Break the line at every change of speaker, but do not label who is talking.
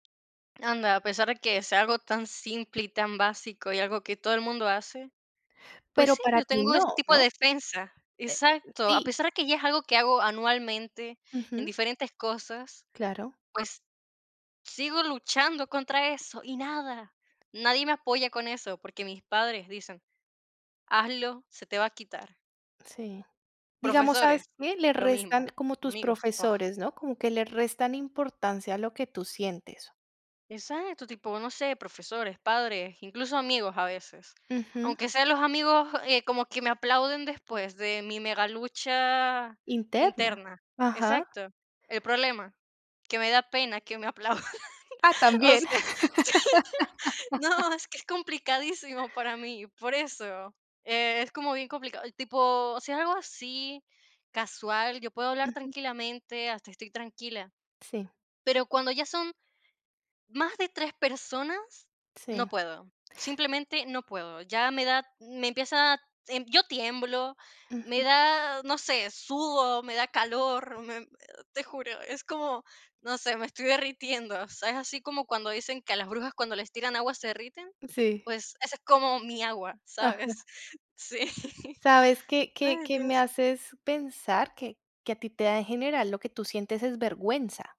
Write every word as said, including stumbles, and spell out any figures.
Anda, a pesar de que sea algo tan simple y tan básico, y algo que todo el mundo hace, pues
Pero
sí,
para
yo
ti
tengo ese
no,
tipo de
¿no?
defensa.
Eh,
Exacto. A
sí.
pesar de que ya es algo que hago anualmente en
Ujú.
diferentes cosas,
Claro.
pues, sigo luchando contra eso y nada. Nadie me apoya con eso, porque mis padres dicen: "Hazlo, se te va a quitar".
Sí, digamos, ¿sabes
Profesores,
qué? Le
lo mismo,
restan como tus
amigos, paff.
profesores, ¿no? Como que le restan importancia a lo que tú sientes.
Exacto, tipo, no sé, profesores, padres, incluso, amigos a veces.
Ujú.
Aunque sea los amigos, eh, como que me aplauden después de mi mega lucha
¿Interna?
interna.
Ajá.
Exacto, ¿el problema? Que me da pena que me aplaudan.
Ah,
O
también.
sea, sí, no, es que es complicadísimo para mí, por eso. Es como bien complicado, tipo, o sea, algo así casual, yo puedo hablar
Ujú.
tranquilamente hasta estoy tranquila,
Sí.
pero cuando ya son más de tres personas, no
Sí.
puedo. Simplemente no puedo. Ya me da me empieza, yo tiemblo, me
Ujú.
da, no sé, sudo, me da calor, me te juro. Es como, no sé, me estoy derritiendo. O sea, ¿es así como cuando dicen que a las brujas cuando les tiran agua se derriten?
Sí.
Pues, esa es como mi agua,
Ajá.
¿sabes? Sí.
¿Sabes qué? ¿Qué
Ay,
qué me
dios.
haces pensar? Que que a ti te da en general lo que tú sientes es vergüenza.